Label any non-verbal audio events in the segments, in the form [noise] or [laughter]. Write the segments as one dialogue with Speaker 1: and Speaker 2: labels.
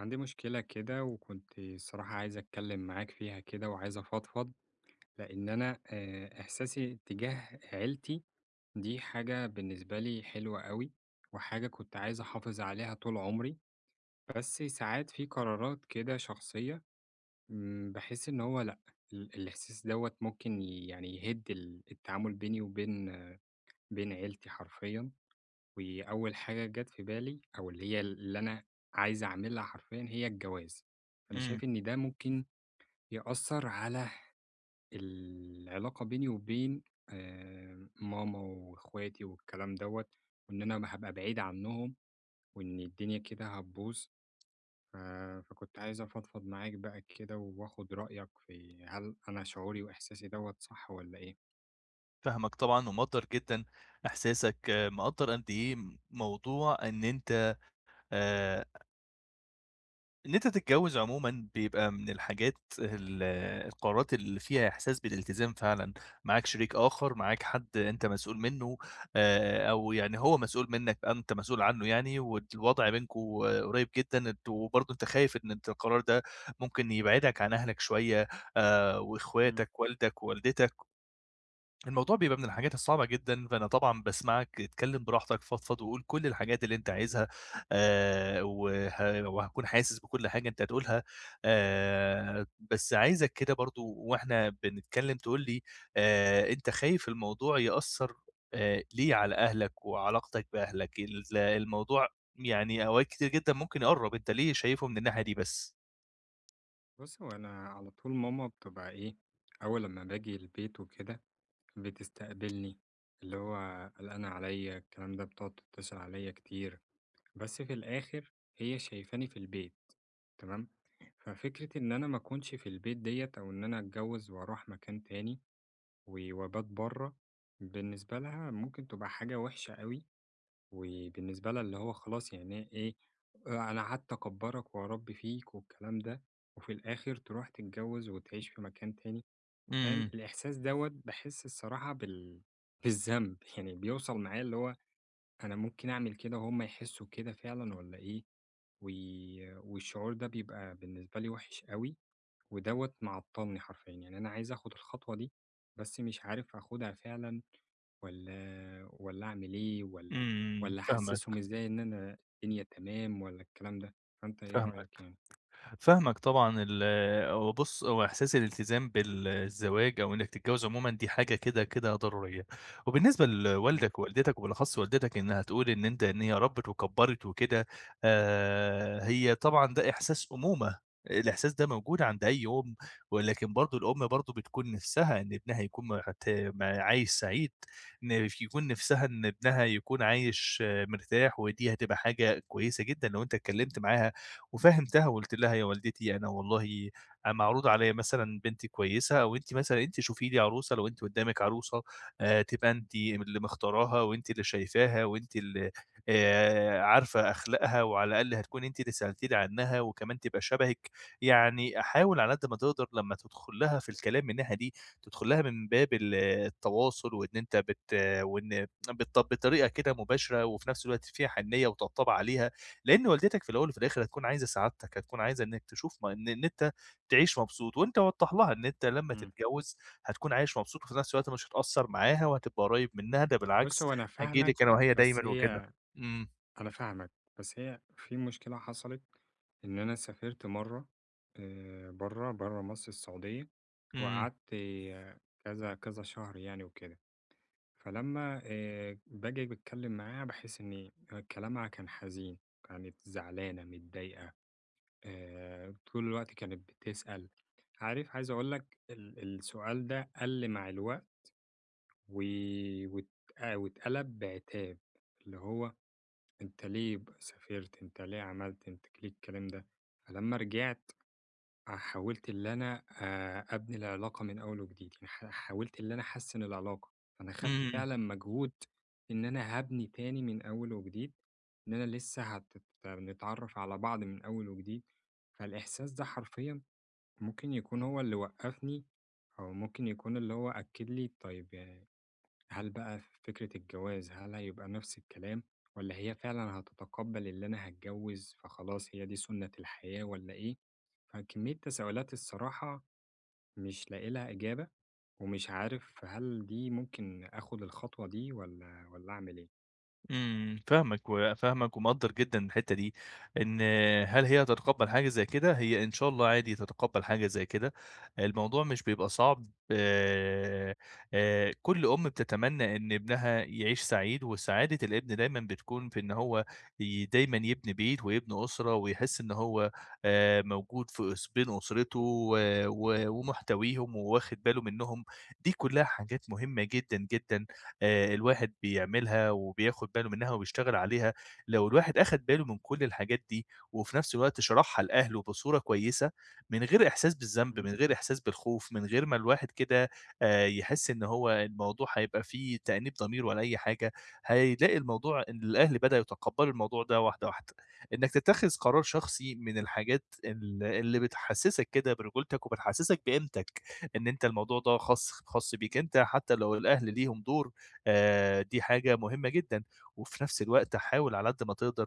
Speaker 1: عندي مشكلة كده وكنت الصراحة عايز أتكلّم معاك فيها كده، وعايز أفضفض، لإن أنا آآ احساسي إتجاه عيلتي دي حاجة بالنسبة لي حلوة أوي، وحاجة كنت عايز أحافظ عليها طول عمري، بس ساعات في قرارات كده شخصية امم، باحس إن هو لأ ال الإحساس دوّة ممكن يعني يهد ال التعامل بيني وبين بين عيلتي حرفيًا، وأول حاجة جات في بالي، أو اللي هي اللي أنا عايز أعملها حرفيًا هي الجواز، فأنا
Speaker 2: إمم.
Speaker 1: شايف إن ده ممكن يأثّر على العلاقة بيني وبين آآ ماما وأخواتي والكلام دوّة، وإن أنا م هابقى بعيد عنُّهم وإن الدنيا كده هتبوظ، ف فكنت عايز أفضفض معاك بقى كده وآخد رأيك في، هل أنا شعوري وإحساسي دوّة صح والّا إيه؟
Speaker 2: فاهمك طبعًا، ومقدّر جدًا إحساسك، مقدّر قد إيه موضوع إن أنت آآ إن أنتَ تتجوز عمومًا، بيبقى من الحاجات ال القرارات اللي فيها إحساس بالالتزام فعلًا. معاك شريك آخر، معاك حد أنتَ مسؤول منه، آآ، أو يعني هو مسؤول منك، أنتَ مسؤول عنه يعني والوضع بينكم قريب جدًا. أنتم برضو أنتَ خايف إن أنتَ القرار ده ممكن يبعدك عن أهلك شوية آآ،
Speaker 1: امم.
Speaker 2: وإخواتك والدك، ووالدتك. الموضوع بيبقى من الحاجات الصعبة جدًا، فأنا طبعًا باسمعك. اتكلم براحتك، فضفض وقول كل الحاجات اللي أنتَ عايزها آآ، وه وهاكون حاسس بكل حاجة أنتَ هتقولها. آآ، بس عايزك كده برضو وإحنا بنتكلم تقول لي آآ، أنتَ خايف الموضوع يأثر آآ، ليه على أهلك وعلاقتك بأهلك؟ ال الموضوع يعني أوقات كتير جدًا ممكن يقرب، أنتَ ليه شايفه من الناحية دي بس؟
Speaker 1: بُص، هو أنا على طول ماما بتبقى إيه، أول لما باجي البيت وكده، بتستقبلني. اللي هو قلقانة عليّا الكلام ده، بتقعد تتصل عليّا كتير، بس في الآخر هي شايفاني في البيت، تمام. ففكرة إن أنا ما أكنش في البيت ديّة أو إن أنا أتجوز وأروح مكان تاني و وأبات برّه، بالنسبة لها ممكن تبقى حاجة وحشة أوي، وبالنسبة لها اللي هو خلاص يعني إيه، أنا قعدت أكبرك وأربي فيك والكلام ده وفي الآخر تروح تتجوز وتعيش في مكان تاني، فاهم؟
Speaker 2: امم.
Speaker 1: الإحساس دوّة باحس الصراحة بال بالذنب، يعني بيوصل معايا اللي هو أنا ممكن أعمل كده وهُم يحسوا كده فعلًا والّا إيه؟ و والشعور ده بيبقى بالنسبة لي وحش أوي، ودوّة معطلني حرفيًا. يعني أنا عايز آخد الخطوة دي، بس مش عارف آخدها فعلًا والّا والّا أعمل إيه؟ والّا
Speaker 2: امم،
Speaker 1: والّا أحسسهم
Speaker 2: فاهمك.
Speaker 1: إزاي إن أنا الدنيا تمام والّا الكلام ده، فانتَ إيه رأيك
Speaker 2: فاهمك.
Speaker 1: يعني؟
Speaker 2: فاهمك طبعًا، ال هو بُص، هو إحساس الالتزام بالزواج أو إنك تتجوز عمومًا، دي حاجة كده، كده ضرورية. وبالنسبة
Speaker 1: امم.
Speaker 2: لوالدك ووالدتك وبالأخص والدتك إنها تقول إن أنتَ إن هي ربت وكبرت وكده آآ، هي طبعًا ده إحساس أمومة. الإحساس ده موجود عند أي أُمّ ولكن برضو الأم برضو بتكون نفسها إن ابنها يكون مت عايش سعيد، نف يكون نفسها إن ابنها يكون عايش مرتاح، ودي هتبقى حاجة كويسة جدًا لو أنتَ اتكلمت معاها وفهمتها، وقلت لها: "يا والدتي أنا والله، معروض عليّا مثلًا بنت كويسة وأنتِ مثلًا أنتِ شوفي لي عروسة، لو أنتِ قدامك عروسة آآ، تبقى أنتِ اللي مختاراها، وأنتِ اللي شايفاها، وأنتِ اللي آآ، عارفة أخلاقها، وعلى الأقل هتكوني أنتِ اللي سألتِ لي عنها وكمان تبقى شبهك." يعني حاول على قد ما تقدر لمّا تدخل لها في الكلام من الناحية دي، تدخل لها من باب التواصل و إن أنتَ بت وإن [tsk] بط بطريقة كده مباشرة وفي نفس الوقت فيها حنية وطبطبة عليها، لإن والدتك في الأول وفي الآخر هتكون عايزة سعادتك، هتكون عايزة إنك تشوف إن إن أنتَ تعيش مبسوط وأنتَ وضح لها إن أنتَ لما
Speaker 1: امم.
Speaker 2: تتجوز هتكون عايش مبسوط وفي نفس الوقت مش هتقصر معاها، وهتبقى قريب منها، ده
Speaker 1: بُص،
Speaker 2: بالعكس
Speaker 1: هو أنا
Speaker 2: هاجي
Speaker 1: فاهمك
Speaker 2: لكِ أنا وهي
Speaker 1: بس
Speaker 2: دايمًا وكده،
Speaker 1: هي
Speaker 2: امم.
Speaker 1: أنا فاهمك، بس هي في مشكلة حصلت، إن أنا سافرت مرة آآ، برّه برّه مصر السعودية.
Speaker 2: امم.
Speaker 1: وقعدت كذا كذا شهر يعني وكده، فلمّا آآ، باجي باتكلم معاها باحس إن كلامها كان حزين، كانت زعلانة متضايقة آآ، طول الوقت كانت بتسأل، عارف عايز أقول لك ال السؤال ده قل مع الوقت و وت واتقلب بعتاب. اللي هو أنتَ ليه ب سافرت؟ أنتَ ليه عملت؟ أنتَ ليه الكلام ده. فلمّا رجعت أ حاولت اللي أنا آآ، أبني العلاقة من أول وجديد، يعني ح حاولت إن أنا أحسن العلاقة. فأنا أخدت
Speaker 2: امم.
Speaker 1: فعلًا مجهود إن أنا هابني تاني من أول وجديد، إن أنا لسه هتت نتعرف على بعض من أول وجديد. فالإحساس ده حرفيًا ممكن يكون هو اللي وقفني، أو ممكن يكون اللي هو أكد لي طيب ي هل بقى فكرة الجواز، هل هيبقى نفس الكلام، والّا هي فعلًا هتتقبل إن أنا هاتجوز فخلاص هي دي سُنّة الحياة والّا إيه؟ فكمية تساؤلات الصراحة مش لاقي لها إجابة، ومش عارف هل دي ممكن أخد الخطوة دي والّا والّا أعمل إيه؟
Speaker 2: إمم، فاهمك، وفاهمك ومقدّر جدًا الحتّة دي، إن هل هي هتتقبّل حاجة زي كده؟ هي إن شاء الله عادي تتقبّل حاجة زي كده، الموضوع مش بيبقى صعب، آآ آآ كلّ أم بتتمنّى إن إبنها يعيش سعيد، وسعادة الإبن دايمًا بتكون في إن هو ي ديمًا يبني بيت ويبني أسرة ويحس إن هو آآ موجود في اس بين أسرته، و و ومحتويهم وواخد باله منُّهم، دي كلّها حاجات مهمّة جدًا جدًا، آآ الواحد بيعملها، وبياخد باله منها وبيشتغل عليها، لو الواحد أخد باله من كلّ الحاجات دي وفي نفْس الوقت شرحها لأهله بصورة كويسة، من غير إحساس بالذنب
Speaker 1: إمم.
Speaker 2: من غير إحساس بالخوف، من غير ما الواحد كده آآ يحس إن هو الموضوع هيبقى فيه تأنيب ضمير ولا أي حاجة، هيلاقي الموضوع إن الأهل بدأوا يتقبّلوا الموضوع ده واحدة، واحدة، إنك تتّخذ قرار شخصي من الحاجات ال اللي بتحسّسك كده برجولتك وبتحسّسك بقيمتك، إن أنتَ الموضوع ده خاص خاص بيك أنتَ حتّى لو الأهل ليهم دور آآ دي حاجة مهمّة جدًا، وفي نفْس الوقت حاول على قد ما تقدر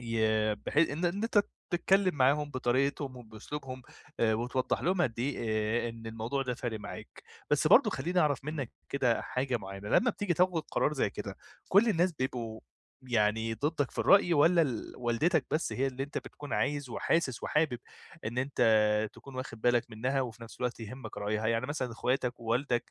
Speaker 2: ي بحي إن إن أنتَ تتكلّم معاهم بطريقتهم وبأسلوبهم، آآ وتوضّح لهم قد إيه آآ إن الموضوع ده فارق معاك، بس برضه خلّيني أعرف
Speaker 1: إمم.
Speaker 2: منّك كده حاجة معيّنة لمّا بتيجي تاخد قرار زي كده كلّ الناس بيبقوا يعني ضدّك في الرأي والّا ال والدتك بس هي اللي أنتَ بتكون عايز وحاسس وحابب إن أنتَ تكون واخد بالك منّها، وفي نفْس الوقت يهمّك رأيها؟ يعني مثلًا اخواتك ووالدك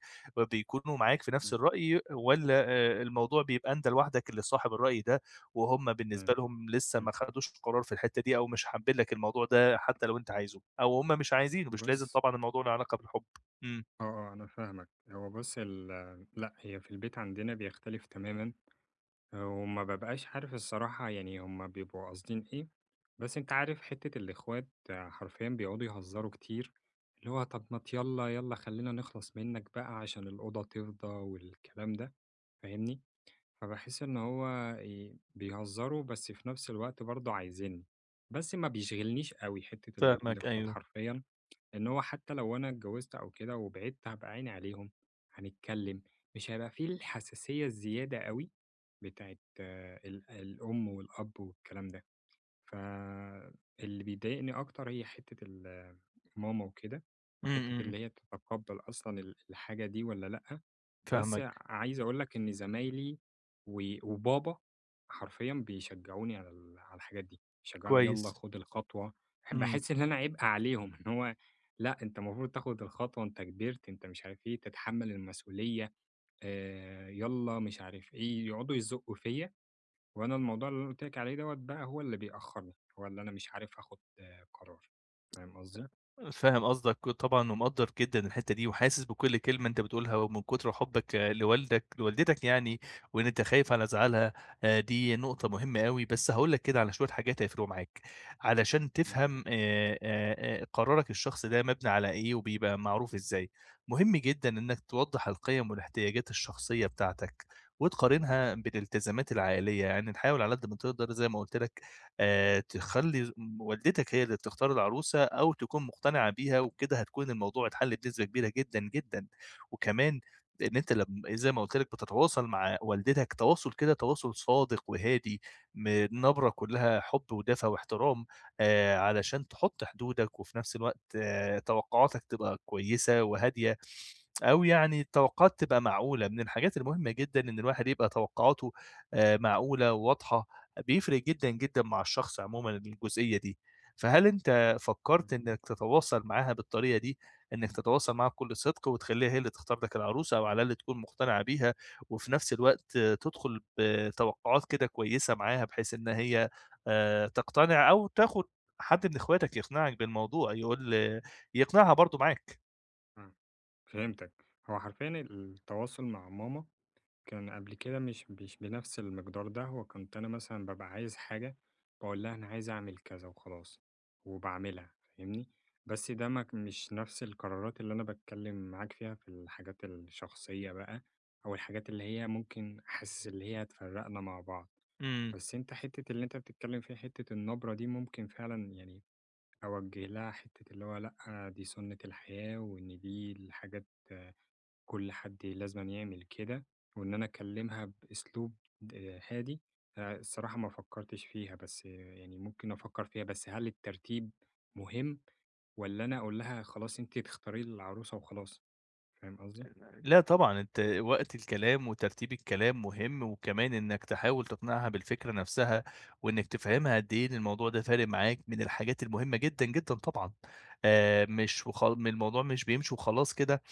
Speaker 2: بيكونوا معاك في نفْس
Speaker 1: إمم.
Speaker 2: الرأي والّا آآ الموضوع بيبقى أنتَ لوحدك اللي صاحب الرأي ده، وهُم
Speaker 1: [unintelligible]
Speaker 2: بالنسبة لهم لسّه
Speaker 1: إمم.
Speaker 2: ما خدوش قرار في الحتّة دي، أو مش حابّين لك الموضوع ده حتّى لو أنتَ عايزه؟ أو هُم مش عايزينه مش لازم
Speaker 1: بس.
Speaker 2: طبعًا الموضوع له علاقة بالحب. إمم.
Speaker 1: آه، آه، أنا فاهمك، هو بُص ال لأ هي في البيت عندنا بيختلف تمامًا، وما بابقاش عارف الصراحة يعني هُم بيبقوا قاصدين إيه، بس أنتَ عارف حتّة الأخوات حرفيًا بيقعدوا يهزروا كتير، اللي هو طَب ما تيلّا، يلّا خلّينا نخلص منك بقى عشان الأوضة تفضى والكلام ده، فاهمني؟ فباحس إن هو ي بيهزروا بس في نفْس الوقت برضه عايزينّي، بس ما بيشغلنيش أوي حتّة ال
Speaker 2: فاهمك
Speaker 1: الأخوات
Speaker 2: أيوه.
Speaker 1: حرفيًا إن هو حتّى لو أنا اتجوزت أو كده وبعدت هابقى عيني عليهم، هنتكلّم مش هيبقى فيه الحساسية الزيادة أوي بتاعة ال الأم والأب والكلام ده، فاللي بيدايقني أكتر هي حتّة ال ماما وكده،
Speaker 2: إمم،
Speaker 1: وحتّة
Speaker 2: إمم.
Speaker 1: اللي هي تتقبّل أصلًا ال الحاجة دي والّا لأ، بس
Speaker 2: فاهمك.
Speaker 1: ع عايز أقول لك إن زمايلي و وبابا، حرفيًا بيشجّعوني على ال على الحاجات دي، شجّعوني يلّا
Speaker 2: كويس.
Speaker 1: خُد الخطوة، ح
Speaker 2: إمم.
Speaker 1: باحس إن أنا عبئ عليهم، إن هو لأ أنتَ المفروض تاخد الخطوة أنتَ كبرت أنتَ مش عارف إيه تتحمّل المسؤولية، آآ يلّا مش عارف إيه يقعدوا يزقّوا فيّا، وأنا الموضوع اللي أنا قُلت لك عليه دوّة بقى هو اللي بيأخّرني، هو اللي أنا مش عارف آخد قرار،
Speaker 2: [unintelligible]
Speaker 1: فاهم قصدي؟
Speaker 2: فاهم قصدك طبعًا ومقدّر جدًا الحتّة دي وحاسس بكلّ كلمة أنتَ بتقولها، ومن كتر حبّك لوالدك لوالدتك يعني، وإن أنتَ خايف على زعلها، دي نقطة مهمّة أوي بس هاقول لك كده على شوية حاجات هيفرقوا معاك، علشان
Speaker 1: إمم.
Speaker 2: تفهم آآ آآ قرارك الشخصي ده مبنى على إيه وبيبقى معروف إزاي، مهم جدًا إنك توضّح القيَم والإحتياجات الشخصية بتاعتك، وتقارنها بالإلتزامات العائلية يعني نحاول على قد ما تقدر زي ما قُلت لك، آآ تخلّي ز والدتك هي اللي بتختار العروسة أو تكون مقتنعة بيها وكده هتكون الموضوع اتحل بنسبة كبيرة جدًا جدًا، وكمان إن أنتَ لم زي ما قُلت لك بتتواصل مع والدتك تواصل كده تواصل صادق وهادي، من نبرة كلّها حب ودفى واحترام، آآ علشان تحط حدودك وفي نفْس الوقت توقعاتك تبقى كويسة وهادية، [tsk] أو يعني التوقعات تبقى معقولة من الحاجات المهمّة جدًا إن الواحد يبقى توقعاته آآ، معقولة وواضحة بيفرق جدًا جدًا مع الشخص عمومًا الجزئية دي، فهل أنتَ
Speaker 1: إمم.
Speaker 2: فكّرت إنك تتواصل معاها بالطريقة دي؟ إنك تتواصل معاها بكلّ صدق وتخلّيها هي اللي تختار لك العروسة، أو على الأقل تكون مقتنعة بيها، وفي نفْس الوقت تدخل بتوقعات كده كويسة معاها بحيث إن هي، آآ تقتنع أو تاخد حد من أخواتك يقنعك بالموضوع، يقول يقنعها برضه معاك.
Speaker 1: امم، فهمتك، هو حرفيًا ال التواصل مع ماما كان قبل كده مش مش بنفس المقدار ده. هو كنت أنا مثلًا بابقى عايز حاجة باقول لها: "أنا عايز أعمل كذا" وخلاص وباعملها، فاهمني؟ بس ده ماك مش نفس القرارات اللي أنا باتكلّم معاك فيها في الحاجات الشخصيّة بقى أو الحاجات اللي هي ممكن أحس اللي هي تفرقنا مع بعض.
Speaker 2: إمم.
Speaker 1: بس أنت حتّة اللي أنت بتتكلّم فيها، حتّة النبرة دي ممكن فعلًا يعني، أوجه لها حتّة اللي هو لأ دي سنة الحياة، وإن دي الحاجات كل حد لازمًا يعمل كده، وإن أنا أكلمها بأسلوب د هادي، الصراحة ما فكرتش فيها بس يعني ممكن أفكّر فيها. بس هل الترتيب مهم والّا أنا أقول لها، خلاص أنتِ تختاري لي العروسة وخلاص، فاهم قصدي؟
Speaker 2: [unintelligible] لأ، طبعًا أنتَ وقت الكلام وترتيب الكلام مهم، وكمان أنكَ تحاول تقنعها بالفكرة نفسها، وأنكَ تفهمها قد إيه إن الموضوع ده فارق معاكَ من الحاجات المهمّة جدًا، جدًا طبعًا، آآ، مش وخ الموضوع مش بيمشي وخلاص كده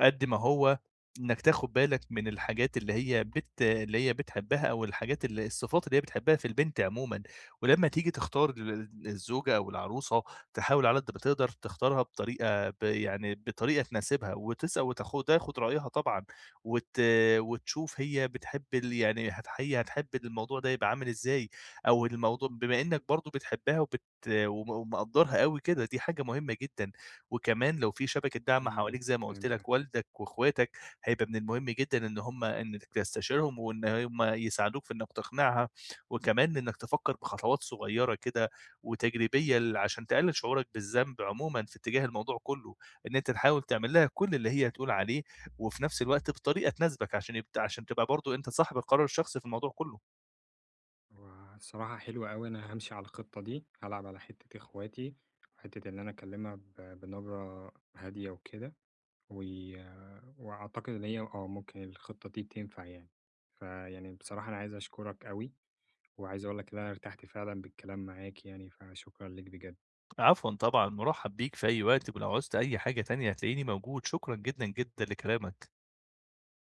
Speaker 2: قد ما هو أنك تاخد بالك من الحاجات اللي هي بت اللي هي بتحبها أو الحاجات ال الصفات اللي هي بتحبها في البنت عمومًا، ولمّا تيجي تختار ال الزوجة أو العروسة تحاول على قد ما تقدر تختارها بطريقة ب يعني بطريقة تناسبها، وتسأل وتاخ تاخد رأيها طبعًا، وت وتشوف هي بتحب ال يعني هت هي هتحب الموضوع ده يبقى عامل إزاي؟ أو الموضوع بما أنكَ برضو بتحبها وبت وم ومقدرها أوي كده دي حاجة مهمّة جدًا. وكمان لو في شبكة دعم
Speaker 1: إمم
Speaker 2: حواليك زي ما قلت
Speaker 1: فهمتك.
Speaker 2: لك، والدك وأخواتك هيبقى من المهم جدًا إن همّ أنكَ تستشيرهم، وإن همّ يساعدوك في أنكَ تقنعها، وكمان أنكَ تفكّر بخطوات صغيّرة كده وتجريبية لل عشان تقلل شعوركَ بالذنب عمومًا في اتجاه الموضوع كلّه. إن أنت تحاول تعملها كل اللي هي تقول عليه، وفي نفس الوقت بطريقة تناسبك عشان يبق عشان تبقى برضو أنت صاحب القرار الشخصي في الموضوع كلّه.
Speaker 1: هو الصراحة حلوة أوي، أنا هامشي على الخطّة دي، هالعب على حتّة أخواتي، حتّة إن أنا أكلمها ب بنبرة هادية وكده، و وأعتقد إن هي آه، ممكن الخطّة دي تنفع يعني. فيعني بصراحة أنا عايز أشكرك أوي، وعايز أقول لك أنا ارتحت فعلًا بالكلام معاك يعني، فشكرًا ليك بجد.
Speaker 2: عفوًا طبعًا، مرحب بيك في أي وقت، ولو عوزت أي حاجة تانية هتلاقيني موجود، شكرًا جدًا، جدًا لكلامك.